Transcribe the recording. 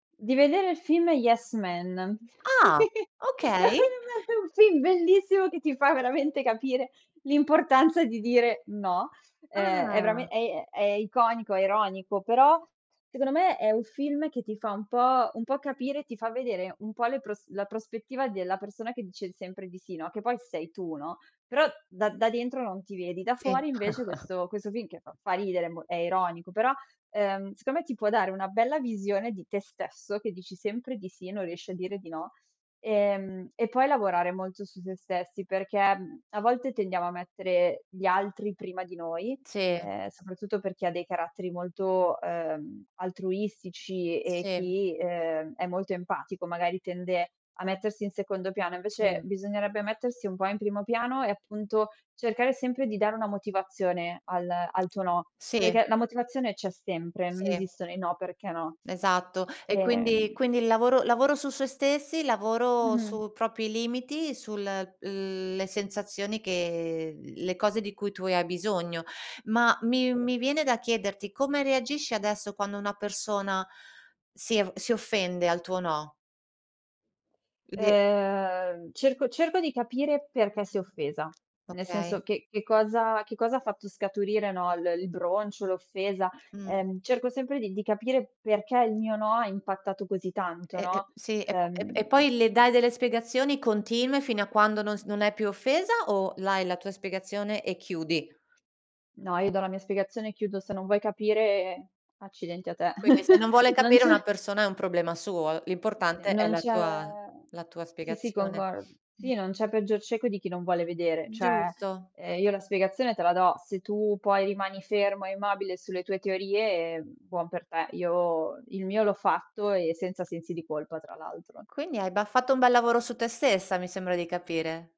Di vedere il film Yes Man. Ah, È okay. un film bellissimo che ti fa veramente capire l'importanza di dire no. Ehm, è verame Ah. è è iconico, è ironico, però secondo me è un film che ti fa un po' un po' capire ti fa vedere un po' le pros la prospettiva della persona che dice sempre di sì, no. Che poi sei tu, no, però da da dentro non ti vedi, da Sì. fuori invece questo questo film che fa fa ridere, è mo è ironico, però, ehm, secondo me ti può dare una bella visione di te stesso, che dici sempre di sì e non riesci a dire di no. Ehm e poi lavorare molto su sé stessi, perché a volte tendiamo a mettere gli altri prima di noi, Sì. ehm, soprattutto per chi ha dei caratteri molto, uhm, altruistici e e Sì. chi, ehm, è molto empatico, magari tende a mettersi in secondo piano, invece Sì. bisognerebbe mettersi un po' in primo piano e appunto cercare sempre di dare una motivazione al al tuo no, Sì. perché la motivazione c'è sempre, non Sì. esistono i no, perché no. Esatto e quindi Ehm quindi il lavoro lavoro su sé stessi, lavoro Mh-mh. su propri limiti, sul le sensazioni che le cose di cui tu hai bisogno. Ma mi [unintelligible] mi viene da chiederti come reagisci adesso quando una persona si av si offende al tuo no? [unintelligible] Ehm cerco cerco di capire perché si è offesa, nel Okay. senso che che cosa che cosa ha fatto scaturire, no, l il broncio, l'offesa, Mh. ehm, cerco sempre di di capire perché il mio no ha impattato così tanto, E e no. sì, e po e Uhm poi le dai delle spiegazioni continue fino a quando non s non è più offesa o dai la tua spiegazione e chiudi? No, io do la mia spiegazione e chiudo. Se non vuoi capire, accidenti a te. Quindi se non vuole Non capire c'è una persona è un problema suo, Se l'importante è non la c'è tua la tua sì, sì, spiegazione. congor Mh. sì non c'è peggior cieco di chi non vuole vedere, cioè Giusto. uhm io la spiegazione te la do, se tu poi rimani fermo e mobile sulle tue teorie, buon per te. Io il mio l'ho fatto e senza sensi di colpa tra l'altro. Quindi hai bah, fatto un bel lavoro su te stessa, mi sembra di capire.